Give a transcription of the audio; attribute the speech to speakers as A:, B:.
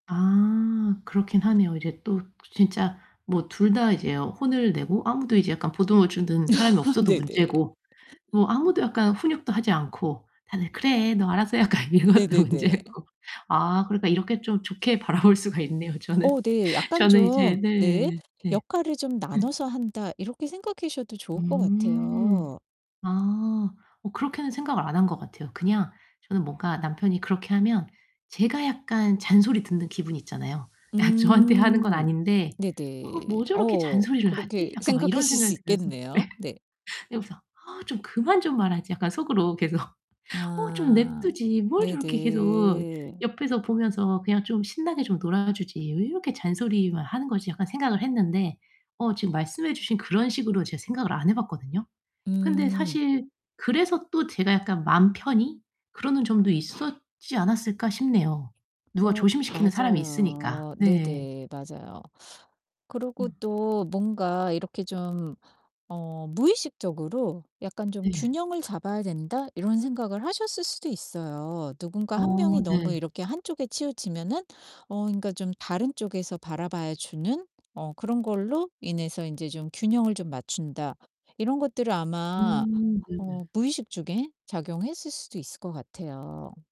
A: 아 그렇기는 하네요. 이제 또 진짜 뭐 2 다 이제 혼을 내고 아무도 이제 약간 보듬어 주는 사람이 없어도
B: 네네.
A: 문제고 뭐 아무도 약간 훈육도 하지 않고 다들 "그래 너 알아서 해." 약간 이것도
B: 네네네.
A: 문제고 아 그러니까 이렇게 좀 좋게 바라볼 수가 있네요. 저는
B: 어 네, 약간
A: 저는 이제
B: 좀 네
A: 네, 네.
B: '역할을 좀
A: 음.
B: 나눠서 한다.' 이렇게 생각하셔도 좋을 것
A: 음.
B: 같아요.
A: 아. 뭐 그렇게는 생각을 안 한 것 같아요. 그냥 저는 뭔가 남편이 그렇게 하면 제가 약간 잔소리 듣는 기분 있잖아요. 아 저한테 하는 건
B: 음
A: 아닌데 '어
B: 네네.
A: 뭐 저렇게
B: 어
A: 잔소리를
B: 그렇게
A: 하지?' 약간 막 이런
B: 생각하실
A: 생각이
B: 수
A: 들면서
B: 있겠네요.
A: 네.
B: 네.
A: 그러면서 '아 좀 그만 좀 말하지.' 약간 속으로 계속 '어 좀 내버려
B: 아.
A: 두지. 뭘 저렇게 계속
B: 네네.
A: 옆에서 보면서 그냥 좀 신나게 좀 놀아 주지 왜 이렇게 잔소리만 하는 거지?' 약간 생각을 했는데 어 지금 말씀해 주신 그런 식으로 제 생각을 안 해 봤거든요. 근데
B: 음.
A: 사실 그래서 또 제가 약간 '마음 편히 그러는 점도 있었지 않았을까.' 싶네요. 누가
B: 어
A: 조심시키는 사람이 있으니까.
B: 맞아요.
A: 네.
B: 네네 맞아요. 그러고
A: 음.
B: 또 뭔가 이렇게 좀 어 무의식적으로 '약간 좀
A: 네.
B: 균형을 잡아야 된다.' 이런 생각을 하셨을 수도 있어요. '누군가 1
A: 어
B: 명이 너무
A: 네.
B: 이렇게 한 쪽에 치우치면은 어 그러니까 좀 다른 쪽에서 바라봐 주는 어 그런 걸로 인해서 인제 좀 균형을 좀 맞춘다.' 이런 것들을 아마
A: 음
B: 어
A: 네네.
B: 무의식 중에 작용했을 수도 있을 것 같아요.